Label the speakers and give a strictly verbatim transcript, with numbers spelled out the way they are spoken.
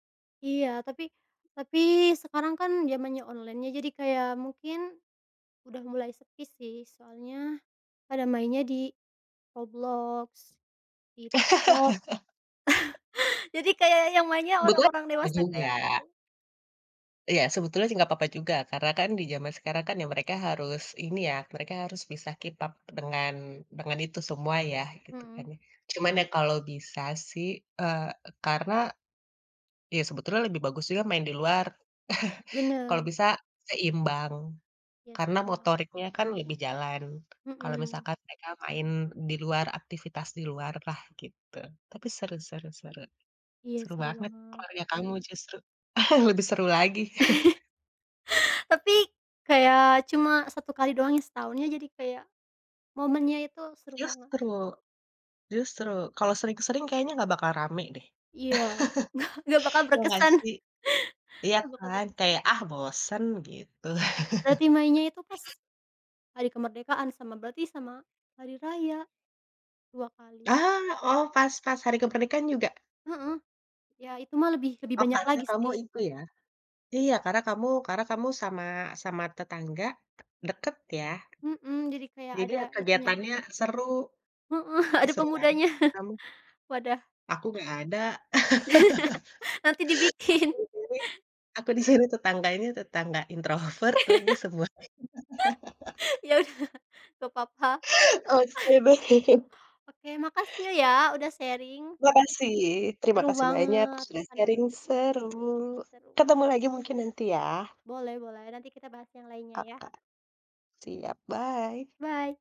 Speaker 1: Iya, tapi tapi sekarang kan zamannya online, iya. Jadi kayak mungkin sudah mulai sepi sih, soalnya pada mainnya di Roblox, di TikTok. Jadi kayak yang mainnya
Speaker 2: Sebetulnya,
Speaker 1: orang-orang
Speaker 2: apa
Speaker 1: dewasa
Speaker 2: juga.
Speaker 1: kayak aku.
Speaker 2: Iya, sebetulnya sih, enggak apa-apa juga. Karena kan di zaman sekarang kan ya, mereka harus ini ya, mereka harus bisa keep up dengan dengan itu semua ya, gitu kan,
Speaker 1: Mhm.
Speaker 2: ya. Cuman ya, kalau bisa sih, eee, karena iya, sebetulnya lebih bagus juga main di luar.
Speaker 1: Bener.
Speaker 2: Kalau bisa seimbang.
Speaker 1: Iya,
Speaker 2: Karena
Speaker 1: setu
Speaker 2: motoriknya kan lebih jalan, kalau
Speaker 1: Mhm.
Speaker 2: misalkan mereka main di luar, aktivitas di luar lah, gitu. Tapi seru seru seru.
Speaker 1: Iya,
Speaker 2: Seru
Speaker 1: seru
Speaker 2: banget,
Speaker 1: banget.
Speaker 2: keluarga kamu justru, lebih seru lagi.
Speaker 1: Tapi kayak cuma satu kali doang setahun, iya, jadi kayak momennya itu seru banget.
Speaker 2: Justru, justru kalau sering-sering kayaknya enggak bakal rame deh.
Speaker 1: Iya, enggak enggak bakal
Speaker 2: Iya enggak
Speaker 1: berkesan.
Speaker 2: sih? Iya
Speaker 1: Nggak bakal
Speaker 2: kan,
Speaker 1: berkesan.
Speaker 2: kayak, "Ah, bosen", gitu.
Speaker 1: Berarti mainnya itu pas hari kemerdekaan, sama berarti sama hari raya, dua kali.
Speaker 2: Ah, oh, pas pas hari ke pernikahan juga?
Speaker 1: Heeh. Iya, itu mah lebih lebih
Speaker 2: Oh,
Speaker 1: banyak
Speaker 2: karena
Speaker 1: lagi
Speaker 2: kamu
Speaker 1: sih.
Speaker 2: itu, ya. Iya, karena kamu karena kamu sama sama tetangga deket, ya?
Speaker 1: Mhm, jadi kayak
Speaker 2: Jadi
Speaker 1: ada
Speaker 2: ya,
Speaker 1: itunya.
Speaker 2: kegiatannya seru.
Speaker 1: Heeh,
Speaker 2: Ih,
Speaker 1: ada
Speaker 2: seru banget
Speaker 1: pemudanya.
Speaker 2: kamu.
Speaker 1: Wadah.
Speaker 2: Aku enggak ada.
Speaker 1: Nanti dibikin.
Speaker 2: Aku di sini aku di sini tetangganya, tetangga introvert lagi semua.
Speaker 1: Iya, udah, enggak apa-apa.
Speaker 2: Oh. [unintelligible]
Speaker 1: Oke, makasih ya, udah sharing.
Speaker 2: Makasih. Terima
Speaker 1: Seru
Speaker 2: kasih banyak
Speaker 1: banget
Speaker 2: sudah sharing,
Speaker 1: kenangannya.
Speaker 2: seru.
Speaker 1: Seru, ba
Speaker 2: Ketemu lagi mungkin nanti, ya.
Speaker 1: Boleh boleh, nanti kita bahas yang lainnya, ya.
Speaker 2: Oka. Siap, bye.
Speaker 1: Bye!